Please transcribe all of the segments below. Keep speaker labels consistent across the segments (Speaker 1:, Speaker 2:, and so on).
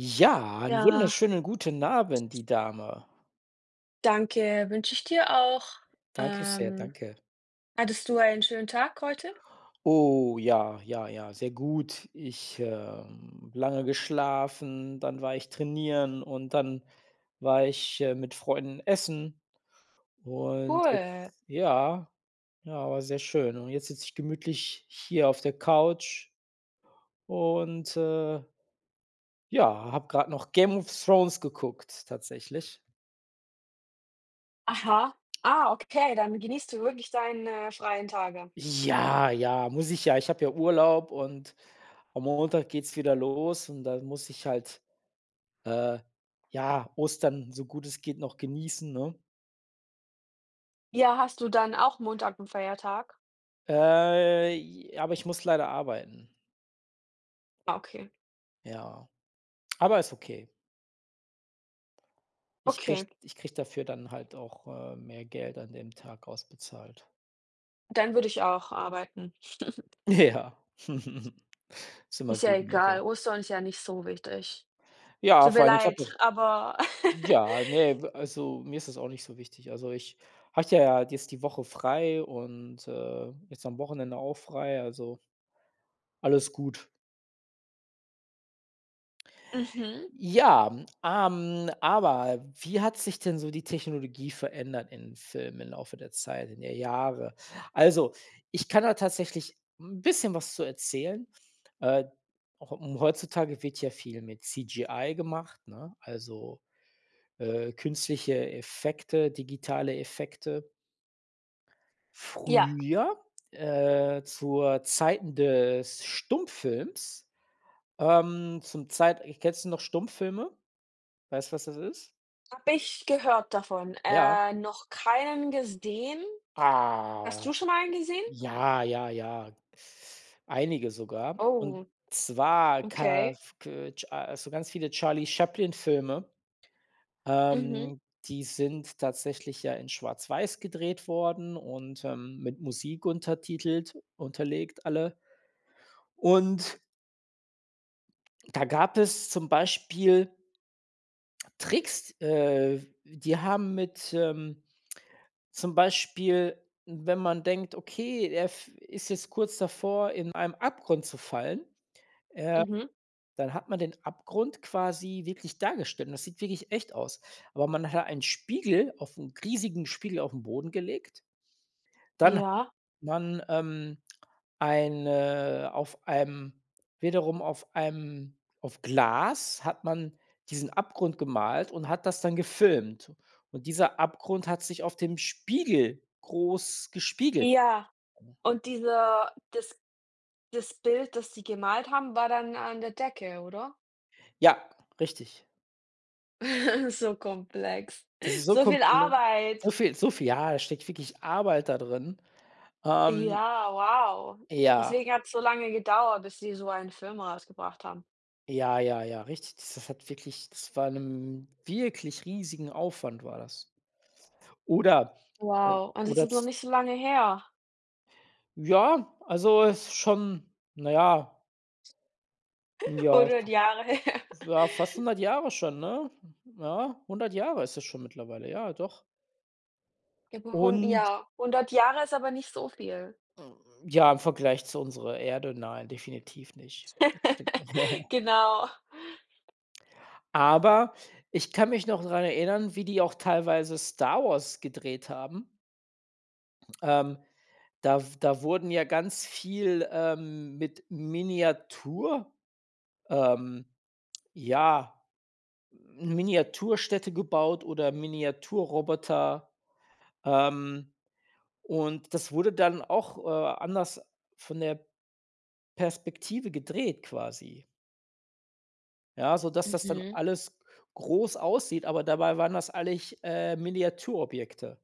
Speaker 1: Ja, einen
Speaker 2: Ja.
Speaker 1: wunderschönen guten Abend, die Dame.
Speaker 2: Danke, wünsche ich dir auch.
Speaker 1: Danke sehr,
Speaker 2: Ähm,
Speaker 1: danke.
Speaker 2: hattest du einen schönen Tag heute?
Speaker 1: Oh ja, ja, ja, sehr gut. Ich, ähm lange geschlafen, dann war ich trainieren und dann war ich, äh, mit Freunden essen und
Speaker 2: Cool.
Speaker 1: jetzt ja. Ja, war sehr schön und jetzt sitze ich gemütlich hier auf der Couch und, äh ja, habe grad noch Game of Thrones geguckt, tatsächlich.
Speaker 2: Aha. Ah, okay, dann genießt du wirklich deine freien Tage.
Speaker 1: Ja, ja, muss ich ja, ich habe ja Urlaub und am Montag geht's wieder los und dann muss ich halt, äh, ja, Ostern, so gut es geht noch genießen, ne?
Speaker 2: Ja, hast du dann auch Montag 'n Feiertag?
Speaker 1: Äh, ji aber ich muss leider arbeiten.
Speaker 2: Ah, okay.
Speaker 1: Ja, aber ist okay. Ich kriege
Speaker 2: Okay.
Speaker 1: ich kriege dafür dann halt auch, äh, mehr Geld an dem Tag ausbezahlt.
Speaker 2: Dann würde ich auch arbeiten.
Speaker 1: Ja. Ist immer
Speaker 2: Ist ja
Speaker 1: gut, mehr
Speaker 2: egal.
Speaker 1: Geld.
Speaker 2: Ostern ist ja nicht so wichtig.
Speaker 1: Ja,
Speaker 2: Tut
Speaker 1: vor
Speaker 2: mir
Speaker 1: allem, ich habe
Speaker 2: leid,
Speaker 1: das
Speaker 2: aber
Speaker 1: ja, ne, also mir ist das auch nicht so wichtig. Also, ich hatte ja jetzt die Woche frei und, äh, jetzt am Wochenende auch frei, also alles gut.
Speaker 2: Mhm.
Speaker 1: Ja, m ähm, aber wie hat sich denn so die Technologie verändert in Filmen im Laufe der Zeit, in der Jahre. Also, ich kann da tatsächlich 'n bisschen was zu erzählen. Äh, auch äh, hm, heutzutage wird ja viel mit CGI gemacht, ne? Also, äh, künstliche Effekte, digitale Effekte
Speaker 2: Ja.
Speaker 1: früher, äh, zur Zeiten des Stummfilms, ähm, zum Zeit ich kennst du noch Stummfilme? Weißt du, was das ist?
Speaker 2: Habe ich gehört davon
Speaker 1: Ja.
Speaker 2: äh, noch keinen gesehen. Hast
Speaker 1: Ah.
Speaker 2: du schon mal einen gesehen?
Speaker 1: Ja, ja, ja. Einige sogar. Und
Speaker 2: Oh.
Speaker 1: zwar
Speaker 2: Okay.
Speaker 1: kaf ke cha so ganz viele Charlie Chaplin-Filme.
Speaker 2: Mhm.
Speaker 1: Ähm, die sind tatsächlich ja in schwarz-weiß gedreht worden und, ähm, mit Musik untertitelt unterlegt alle. Und da gab es zum Beispiel Tricks äh, die haben mit, ähm zum Beispiel, wenn man denkt, okay, der f ist jetzt kurz davor in einem Abgrund zu fallen, äh,
Speaker 2: Mhm.
Speaker 1: dann hat man den Abgrund quasi wirklich dargestellt, und das sieht wirklich echt aus. Aber man hat einen Spiegel auf 'n riesigen Spiegel auf'n Boden gelegt. Dann
Speaker 2: Ja.
Speaker 1: man, ähm eine auf einem wiederum auf einem auf Glas hat man diesen Abgrund gemalt und hat das dann gefilmt. Und dieser Abgrund hat sich auf dem Spiegel groß gespiegelt.
Speaker 2: Ja.
Speaker 1: [unintelligible]
Speaker 2: Und dieser das das Bild, das sie gemalt haben, war dann an der Decke, oder?
Speaker 1: Ja, richtig.
Speaker 2: So komplex.
Speaker 1: Das ist so
Speaker 2: So viel
Speaker 1: komple so
Speaker 2: Arbeit.
Speaker 1: viel, so viel, ja. Da steckt wirklich Arbeit da drin, ähm
Speaker 2: Ja, wow.
Speaker 1: Ja.
Speaker 2: Deswegen hat's so lange gedauert, bis sie so einen Film rausgebracht haben.
Speaker 1: Ja, ja, ja, richtig. Das s hat wirklich das war 'nem wirklich riesigen Aufwand war das. Oder, äh
Speaker 2: Wow, und das
Speaker 1: oder
Speaker 2: ist noch
Speaker 1: z
Speaker 2: nicht so lange her.
Speaker 1: Ja, also ist schon, na ja. Ja,
Speaker 2: 100
Speaker 1: fa
Speaker 2: Jahre her.
Speaker 1: ja, fast 100 Jahre schon, ne? Ja, 100 Jahre ist es schon mittlerweile, ja, doch.
Speaker 2: Über hun
Speaker 1: Und
Speaker 2: ja. 100 Jahre ist aber nicht so viel.
Speaker 1: Hm, ja, im Vergleich zu unserer Erde, nein, definitiv nicht d d ne.
Speaker 2: Genau.
Speaker 1: Aber ich kann mich noch dran erinnern, wie die auch teilweise Star Wars gedreht haben. Ähm, da w da wurden ja ganz viel ähm, mit Miniatur ähm, ja, Miniatur-Städte gebaut oder Miniatur-Roboter, ähm, und das wurde dann auch, äh, anders von der Perspektive gedreht, quasi. Ja, sodass das dann
Speaker 2: Mhm.
Speaker 1: alles groß aussieht, aber dabei waren das eigentlich, äh, Miniaturobjekte.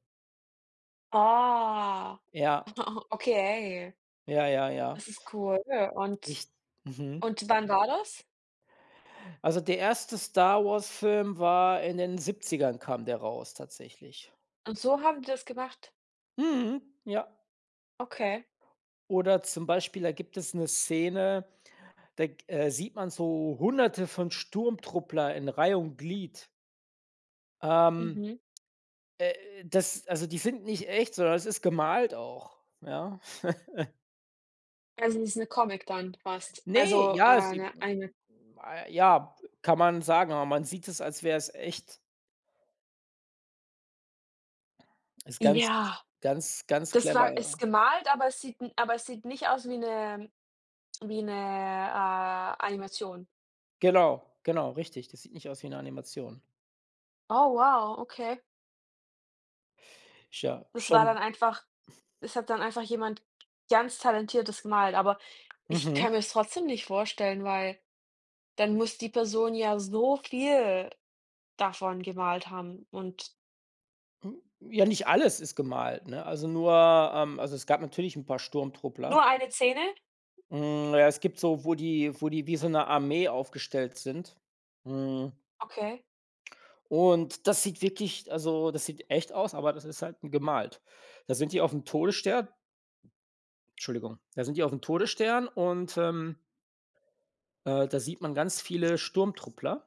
Speaker 2: Ah.
Speaker 1: Ja.
Speaker 2: Okay.
Speaker 1: Ja, ja, ja.
Speaker 2: Das ist cool. Und
Speaker 1: Richt mhm.
Speaker 2: und wann war das?
Speaker 1: Also der 1. Star-Wars-Film war in den 70ern kam der raus tatsächlich.
Speaker 2: Und so haben die das gemacht?
Speaker 1: Mhm, ja.
Speaker 2: Okay.
Speaker 1: Oder zum Beispiel, da gibt es 'ne Szene, da g äh, sieht man so Hunderte von Sturmtruppler in Reih und Glied. Ähm,
Speaker 2: Mhm.
Speaker 1: äh, das also, die sind nicht echt, sondern das ist gemalt auch, ja?
Speaker 2: Also das ist 'ne Comic dann fast.
Speaker 1: Ne!
Speaker 2: Also,
Speaker 1: Ja,
Speaker 2: äh,
Speaker 1: sie
Speaker 2: 'ne
Speaker 1: m
Speaker 2: eine
Speaker 1: a ja, kann man sagen, aber man sieht es, als wäre es echt. Ist ganz,
Speaker 2: Ja!
Speaker 1: ganz, ganz
Speaker 2: Das
Speaker 1: clever,
Speaker 2: war ist
Speaker 1: ja.
Speaker 2: gemalt, aber es sieht n aber es sieht nicht aus wie 'ne wie 'ne, äh, Animation.
Speaker 1: Genau, genau, richtig, das sieht nicht aus wie 'ne Animation.
Speaker 2: Oh wow, okay.
Speaker 1: Ja,
Speaker 2: Das war dann
Speaker 1: schon.
Speaker 2: einfach es hat dann einfach jemand ganz talentiertes gemalt, aber ich kann
Speaker 1: Mhm.
Speaker 2: mir das trotzdem nicht vorstellen, weil dann muss die Person ja so viel davon gemalt haben und
Speaker 1: Hm, ja, nicht alles ist gemalt, ne? Also nur ähm, also es gab natürlich 'n paar Sturmtruppler.
Speaker 2: Nur eine Szene?
Speaker 1: Hm, ja, es gibt so wo die wo die wie so 'ne Armee aufgestellt sind, mhm.
Speaker 2: Okay.
Speaker 1: Und das sieht wirklich also das sieht echt aus, aber das ist halt gemalt. Da sind die aufm Todesstern Entschuldigung. Da sind die auf dem Todesstern und, ähm äh, da sieht man ganz viele Sturmtruppler.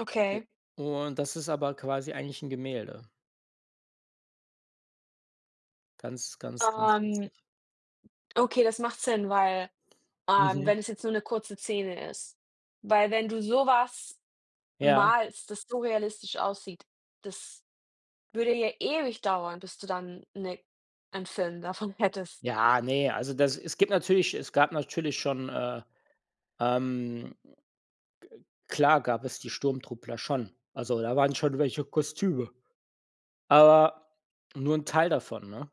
Speaker 2: Okay.
Speaker 1: O und das ist aber quasi eigentlich 'n Gemälde. Ganz, ganz, ganz
Speaker 2: Ähm
Speaker 1: witzig.
Speaker 2: Okay, das macht Sinn, weil, ähm,
Speaker 1: Mhm.
Speaker 2: wenn es jetzt nur 'ne kurze Szene ist. Weil wenn du sowas
Speaker 1: Ja.
Speaker 2: malst, das so realistisch aussieht, das würde ja ewig dauern, bis du dann 'ne einen Film davon hättest.
Speaker 1: Ja, ne, also das es gibt natürlich es gab natürlich schon, äh, ähm, ge klar gab es die Sturmtruppler schon. Also da waren schon welche Kostüme. Aber nur 'n Teil davon, ne?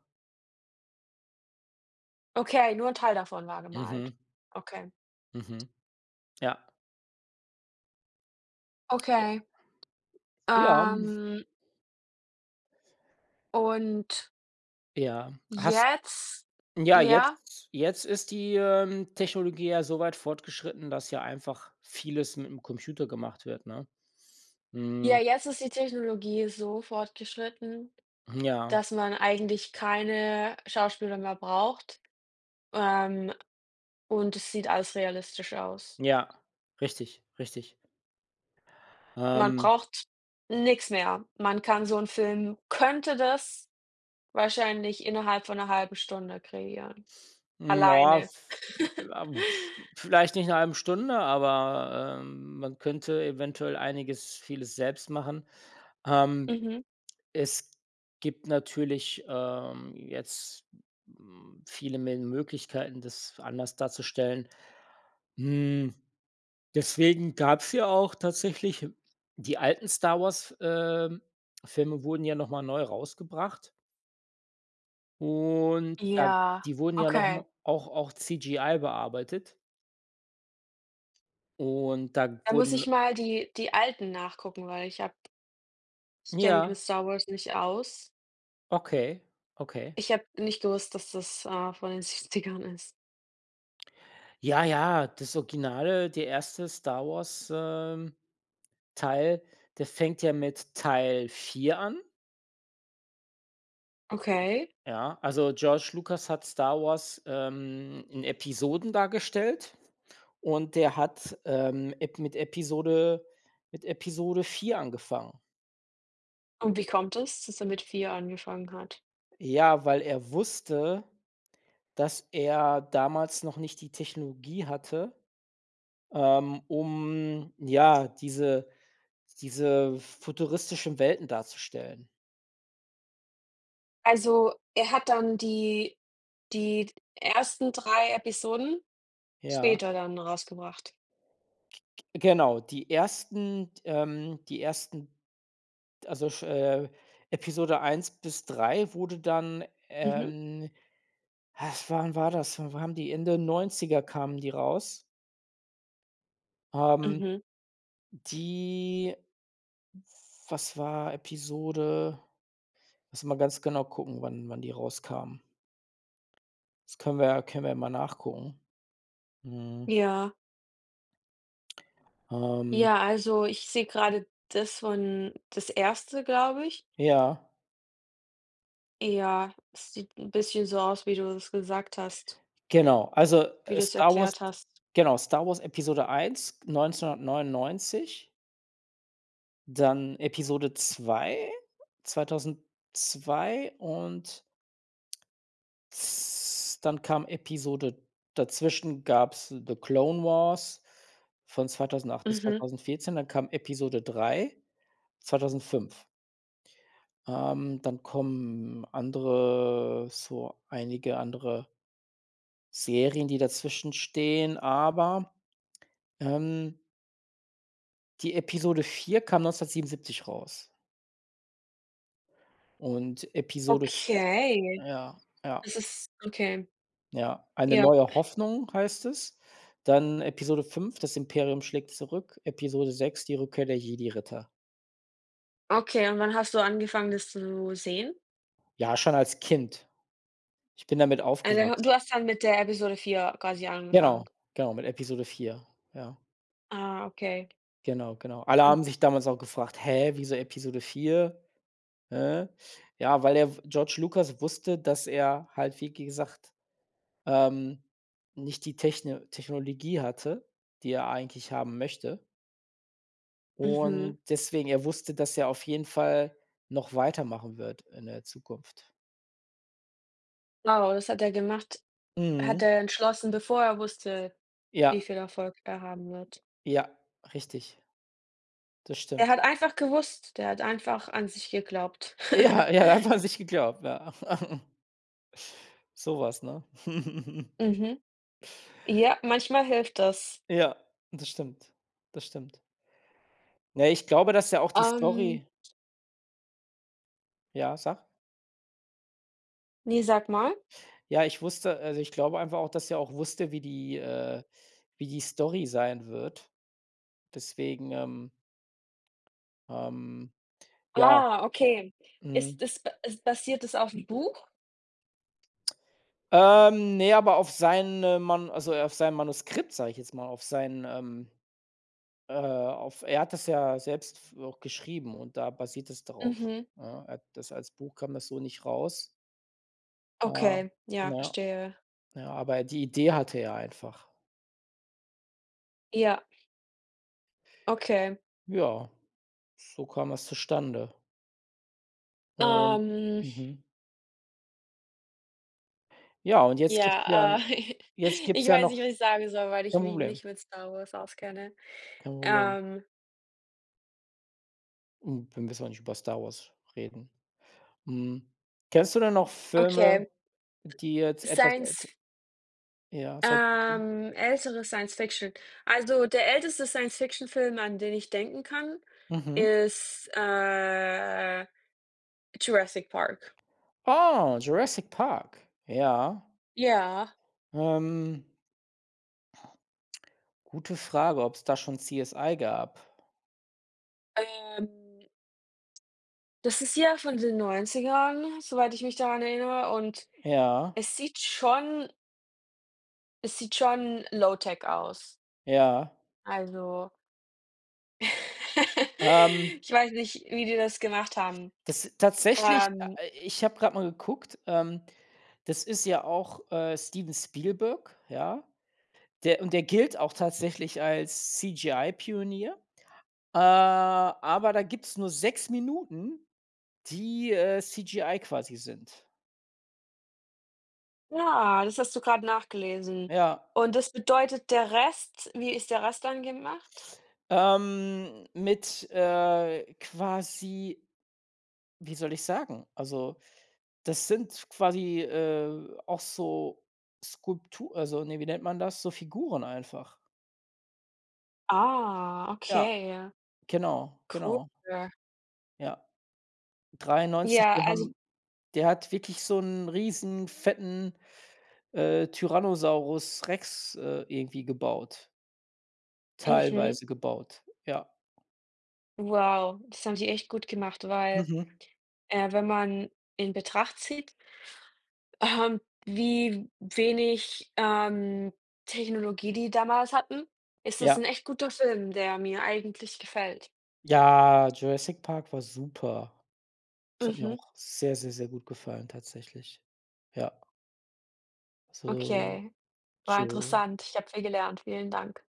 Speaker 2: Okay, nur ‘n Teil davon war gemalt?
Speaker 1: Mhm.
Speaker 2: Okay.
Speaker 1: Mhm. Ja. Ja.
Speaker 2: Okay.
Speaker 1: Ja.
Speaker 2: Ähm und
Speaker 1: Ja. Hast
Speaker 2: jetzt,
Speaker 1: ja,
Speaker 2: ja?
Speaker 1: jetzt, jetzt ist die, ähm, Technologie ja so weit fortgeschritten, dass ja einfach vieles mit ‘m Computer gemacht wird, ne?
Speaker 2: Ja,
Speaker 1: Hm
Speaker 2: jetzt ist die Technologie so fortgeschritten,
Speaker 1: Mm, ja.
Speaker 2: dass man eigentlich keine Schauspieler mehr braucht, ähm, und es sieht alles realistisch aus.
Speaker 1: Ja, richtig, richtig.
Speaker 2: Man
Speaker 1: Ähm
Speaker 2: braucht nix mehr. Man kann so 'n Film könnte das wahrscheinlich innerhalb von 1/2 Stunde kreieren,
Speaker 1: Ja,
Speaker 2: alleine.
Speaker 1: v ja, vs vielleicht nicht in 1/2 Stunde, aber, ähm, man könnte eventuell einiges vieles selbst machen. Ähm,
Speaker 2: Mhm.
Speaker 1: es gibt natürlich, ähm, jetzt, hm, viele Mel Möglichkeiten, das f anders darzustellen. Hm, deswegen gab's ja auch tatsächlich die alten Star Wars, ähm, Filme wurden ja noch mal neu rausgebracht. Und da
Speaker 2: Ja,
Speaker 1: die wurden ja noch
Speaker 2: okay.
Speaker 1: mal auch auch CGI bearbeitet. Und, da
Speaker 2: Da muss
Speaker 1: wurden
Speaker 2: ich mal die die alten nachgucken, weil ich habe Ich kenne mich mit
Speaker 1: Ja.
Speaker 2: Star Wars nicht aus.
Speaker 1: Okay, okay.
Speaker 2: Ich habe nicht gewusst, dass das, äh, von den 70ern ist.
Speaker 1: Ja, ja, das Original, der 1. Star Wars, ähm, Teil, der fängt ja mit Teil 4 an
Speaker 2: Okay.
Speaker 1: Ja, also George Lucas hat Star Wars, ähm, in Episoden dargestellt, und der hat, ähm, ep mit Episode mit Episode 4 angefangen.
Speaker 2: Und, wie kommt das, dass er mit 4 angefangen hat?
Speaker 1: Ja, weil er wusste, dass er damals noch nicht die Technologie hatte, ähm, um, ja, diese diese futuristischen Welten darzustellen.
Speaker 2: Also, er hat dann die die ersten 3 Episoden
Speaker 1: Ja.
Speaker 2: später dann rausgebracht?
Speaker 1: G g genau. Die ersten t ähm die ersten, also sch äh, Episode 1 bis wurde dann,
Speaker 2: Mhm.
Speaker 1: ähm wann war das? Wann waren die? In den 90er kamen die raus. Ähm
Speaker 2: Mhm.
Speaker 1: die f was war Episode? Lass mal ganz genau gucken, wann wann die rauskamen. Das können wir können wir mal nachgucken. Mhm.
Speaker 2: Ja.
Speaker 1: Ähm
Speaker 2: Ja, also ich sehe gerade, das von das erste, glaube ich.
Speaker 1: Ja.
Speaker 2: Ja, das sieht 'n bisschen so aus, wie du es gesagt hast.
Speaker 1: Genau. Also,
Speaker 2: Wie
Speaker 1: äh,
Speaker 2: du es
Speaker 1: Star Wars
Speaker 2: erklärt hast.
Speaker 1: genau, Star Wars Episode 1, 1999 dann Episode 2, 2002 und z dann kam Episode dazwischen gab's The Clone Wars von 2008 bis
Speaker 2: Mhm.
Speaker 1: 2014. Dann kam Episode 3, 2005. Ähm, dann kommen andere so einige andere Serien, die dazwischen stehen, aber, ähm Die Episode 4 kam 1977 raus. Und Episode f
Speaker 2: Okay.
Speaker 1: Ja, ja.
Speaker 2: Das ist Okay.
Speaker 1: Ja. „Eine
Speaker 2: Ja.
Speaker 1: neue Hoffnung“, heißt das. Dann Episode 5- „Das Imperium schlägt zurück“, Episode 6- „Die Rückkehr der Jedi-Ritter“.
Speaker 2: Okay, und wann hast du angefangen, das zu sehen?
Speaker 1: Ja, schon als Kind. Ich bin damit
Speaker 2: Eine ho du
Speaker 1: aufgewachsen.
Speaker 2: hast dann mit der Episode 4 quasi
Speaker 1: Genau,
Speaker 2: angefangen?
Speaker 1: genau, mit Episode 4, ja.
Speaker 2: Ah, okay.
Speaker 1: Genau, genau. Alle
Speaker 2: [unintelligible]
Speaker 1: haben sich damals auch gefragt: „Hä, wieso Episode 4? Hä?“ Ja, weil der w George Lucas wusste, dass er halt, wie gesagt, ähm, nicht die Techn Technologie hatte, die er eigentlich haben möchte.
Speaker 2: Mhm.
Speaker 1: Und, deswegen er wusste, dass er auf jeden Fall noch weitermachen wird in der Zukunft.
Speaker 2: Oh, das hat der gemacht? Hat
Speaker 1: Mhm.
Speaker 2: er entschlossen, bevor er wusste, wie
Speaker 1: Ja.
Speaker 2: viel Erfolg er haben wird?
Speaker 1: Ja, richtig. Das
Speaker 2: Er
Speaker 1: stimmt.
Speaker 2: hat einfach gewusst der hat einfach an sich geglaubt.
Speaker 1: Ja, ja, er hat an sich geglaubt, ja. Sowas, ne?
Speaker 2: Mhm. Ja, manchmal hilft das.
Speaker 1: Ja, das stimmt. Das stimmt. Ne, ich glaube, dass er auch die
Speaker 2: Ähm
Speaker 1: Story Ja, sag.
Speaker 2: Ne, sag mal.
Speaker 1: Ja, ich wusste äh, also, ich glaube einfach auch, dass er auch wusste, wie die, äh wie die Story sein wird. Deswegen, ähm ähm. Ja.
Speaker 2: Ah, okay. Ist
Speaker 1: Mhm.
Speaker 2: das ba is basiert das auf 'n Buch?
Speaker 1: Ähm, ne, aber auf seine Man also auf seinem Manuskript, sage ich jetzt mal, auf sein, ähm äh auf er hat das ja selbst f auch geschrieben und da basiert das darauf,
Speaker 2: Mhm.
Speaker 1: ja? Er hat das als Buch kam das so nicht raus. Ah,
Speaker 2: Okay, ja,
Speaker 1: ja.
Speaker 2: verstehe.
Speaker 1: Ja, aber die Idee hatte er einfach.
Speaker 2: Ja. Okay.
Speaker 1: Ja, so kam es zustande und
Speaker 2: Ähm
Speaker 1: mhm. Ja, und jetzt gibt's ja
Speaker 2: Ja,
Speaker 1: 'n
Speaker 2: äh,
Speaker 1: jetzt gibt's
Speaker 2: ich
Speaker 1: ja
Speaker 2: weiß
Speaker 1: noch
Speaker 2: nicht, was ich sagen soll, weil ich
Speaker 1: Kein
Speaker 2: mich
Speaker 1: Problem.
Speaker 2: nicht mit Star Wars auskenne.
Speaker 1: Kein Problem.
Speaker 2: Ähm
Speaker 1: Hm, wir müssen auch nicht über Star Wars reden. Hm, kennst du denn noch Filme,
Speaker 2: Okay.
Speaker 1: die jetzt etwas älter
Speaker 2: Sience-F
Speaker 1: Ja, Science-Fiction.
Speaker 2: Ähm, ältere Science-Fiction. Also, der älteste Science-Fiction-Film, an den ich denken kann,
Speaker 1: Mhm.
Speaker 2: ist, äh, Jurassic Park.
Speaker 1: Ah, Jurassic Park, ja.
Speaker 2: Ja.
Speaker 1: Ähm. Gute Frage, ob's da schon CSI gab.
Speaker 2: Ähm Das ist ja von den 90ern, soweit ich mich daran erinnere, und
Speaker 1: Ja.
Speaker 2: es sieht schon Es sieht schon Low-tech aus.
Speaker 1: Ja.
Speaker 2: Also
Speaker 1: Ähm
Speaker 2: Ich weiß nicht, wie die das gemacht haben.
Speaker 1: Das tatsächlich,
Speaker 2: Ähm
Speaker 1: äh, i ich habe gerade mal geguckt, ähm, das ist ja auch, äh, Steven Spielberg, ja? Der und der gilt auch tatsächlich als CGI Pionier. Äh, aber da gibt's nur 6 Minuten, die, äh, CGI quasi sind.
Speaker 2: Ja, das hast du gerade nachgelesen.
Speaker 1: Ja.
Speaker 2: Und das bedeutet der Rest wie ist der Rest dann gemacht?
Speaker 1: Ähm, mit, äh, quasi wie soll ich sagen? Also, das sind quasi, äh, auch so Skulptu also, ne, wie nennt man das? So Figuren einfach.
Speaker 2: Ah,
Speaker 1: Ja.
Speaker 2: okay.
Speaker 1: Genau,
Speaker 2: Cool.
Speaker 1: genau. Ja. 93,
Speaker 2: Ja,
Speaker 1: die
Speaker 2: also
Speaker 1: haben der hat wirklich so 'n riesen, fetten, äh, Tyrannosaurus Rex, äh, irgendwie gebaut.
Speaker 2: Mhm.
Speaker 1: Teilweise gebaut, ja.
Speaker 2: Wow, das haben die echt gut gemacht, weil,
Speaker 1: Mhm.
Speaker 2: äh, wenn man in Betracht zieht ähm, wie wenig, ähm, Technologie, die damals hatten, ist das
Speaker 1: Ja.
Speaker 2: 'n echt guter Film, der mir eigentlich gefällt.
Speaker 1: Ja, Jurassic Park war super. Es hat mir
Speaker 2: Mhm.
Speaker 1: auch sehr, sehr, sehr gut gefallen, tatsächlich. Ja. So,
Speaker 2: Okay. War
Speaker 1: tschau.
Speaker 2: interessant, ich habe viel gelernt. Vielen Dank.